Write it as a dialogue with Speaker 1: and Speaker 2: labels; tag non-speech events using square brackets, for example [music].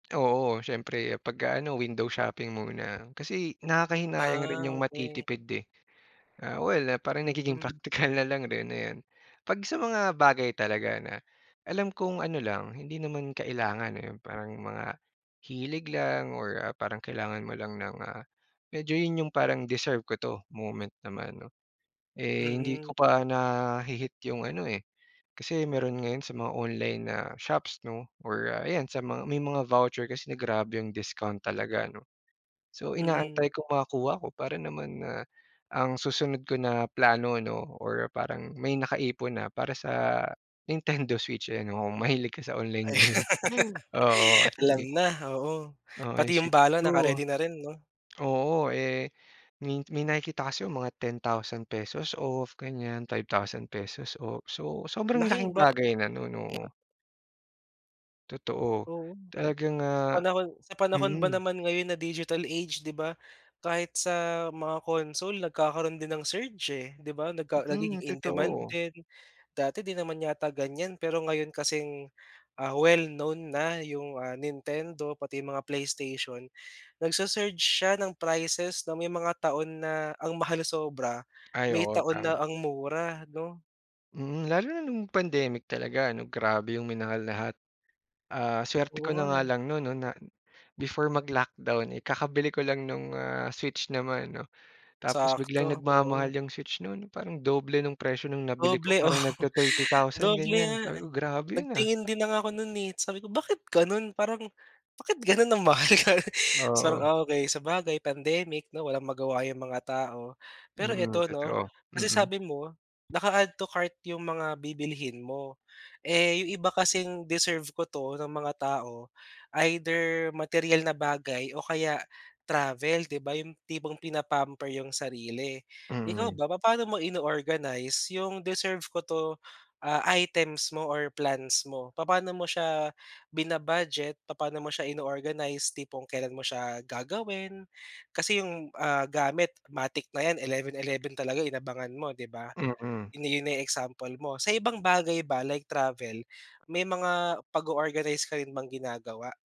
Speaker 1: Oo, siyempre pag, ah, ano window shopping muna, kasi nakakahinayang
Speaker 2: Ah,
Speaker 1: rin 'yong
Speaker 2: okay.
Speaker 1: matitipid, eh. Ah, well, ah, parang nagiging
Speaker 2: Mm.
Speaker 1: praktikal na lang rin, ayan. Pag sa mga bagay talaga na, alam kong ano lang hindi naman kailangan, eh, parang mga, hilig lang or, ah, parang kailangan mo lang ng, ah medyo 'yon 'yong parang deserve ko 'to, moment naman, 'no. Eh, hindi
Speaker 2: Mm.
Speaker 1: ko pa nahi-hit 'yong ano, eh kasi meron ngayon sa mga online na shops, 'no or, ah, ayan sa mga may mga voucher kasi na grabe 'yong discount talaga, 'no. So,
Speaker 2: Mm.
Speaker 1: inaantay kong makakuha ko para naman na, ang susunod ko na plano, 'no, or parang may nakaipon na para sa Nintendo Switch, eh, 'no. Kung mahilig kasi ako sa online
Speaker 2: Ay
Speaker 1: game.
Speaker 2: [laughs]
Speaker 1: Oo, 'yong
Speaker 2: Alam
Speaker 1: ga
Speaker 2: na, oo.
Speaker 1: Oo, 'yong
Speaker 2: Pati 'yong
Speaker 1: Switch
Speaker 2: bala
Speaker 1: 2.
Speaker 2: naka-ready na rin, 'no.
Speaker 1: Oo, eh, min may nakikita kasi ako mga ₱10,000 off, ganiyan, ₱5,000 off. So, sobrang
Speaker 2: Laking
Speaker 1: laking
Speaker 2: ba
Speaker 1: bagay na no'n, oo. Totoo.
Speaker 2: Oo.
Speaker 1: Talagang,
Speaker 2: Sa
Speaker 1: ah
Speaker 2: panahon sa panahon ba
Speaker 1: mm.
Speaker 2: naman ngayon na digital age, 'di ba, kahit sa mga console nagkakaroon din ng surge, eh, 'di ba, nagka nagiging
Speaker 1: Mm,
Speaker 2: in demand
Speaker 1: totoo.
Speaker 2: din. Dati 'di naman yata ganiyan, pero ngayon kasing, ah, well known na 'yong, ah, Nintendo pati 'yong mga PlayStation, nagsu-surge siya ng prices, 'no. May mga taon na ang mahal sobra,
Speaker 1: Ay
Speaker 2: may
Speaker 1: oo,
Speaker 2: taon na
Speaker 1: tama.
Speaker 2: ang mura, 'no.
Speaker 1: Hmm. Lalo na no'ng pandemic talaga, 'no, grabe 'yong minahal lahat. Ah, suwerte
Speaker 2: Oo
Speaker 1: ko na
Speaker 2: nga,
Speaker 1: nga
Speaker 2: eh.
Speaker 1: lang no'n, 'no, na before mag-lockdown, eh, kakabili ko lang no'ng, ah, Switch naman, 'no. Tapos biglang
Speaker 2: Sakto, oo.
Speaker 1: nagmamahal 'yong Switch no'n parang doble no'ng presyo no'ng nabili ko,
Speaker 2: Doble, oo,
Speaker 1: parang nagti-thirty thousand,
Speaker 2: doble
Speaker 1: ganiyan.
Speaker 2: nga,
Speaker 1: Sabi
Speaker 2: eh.
Speaker 1: ko, "Grabe 'yon, ah."
Speaker 2: Nagtingin din na nga ako no'n, eh, sabi ko, "Bakit gano'n, parang bakit gano'n ang mahal?" Ka 'tsang,
Speaker 1: Oo.
Speaker 2: okay, sabagay pandemic, 'no, walang magawa 'yong mga tao. Pero
Speaker 1: Mm,
Speaker 2: eto, 'no,
Speaker 1: totoo.
Speaker 2: kasi
Speaker 1: Mm.
Speaker 2: sabi mo, naka-add to cart 'yong mga bibilhin mo, eh, 'yong iba kasing deserve ko 'to ng mga tao, either materyal na bagay o kaya travel, 'di ba? 'Yong tipong pina-pamper 'yong sarili. Ikaw
Speaker 1: Mm.
Speaker 2: ba, papaano mo ino-organize 'yong deserve ko 'to, ah, items mo or plans mo? Papaano mo siya, bina-budget, papaano mo siya ino-organize, tipong kailan mo siya gagawin? Kasi 'yong, ah, gamit matic na 'yan 11-11 talaga, eh, inabangan mo, 'di ba,
Speaker 1: Mm.
Speaker 2: 'yon na 'yon na 'yong example mo. Sa ibang bagay ba, like travel may mga pag-o-organize ka rin bang ginagawa?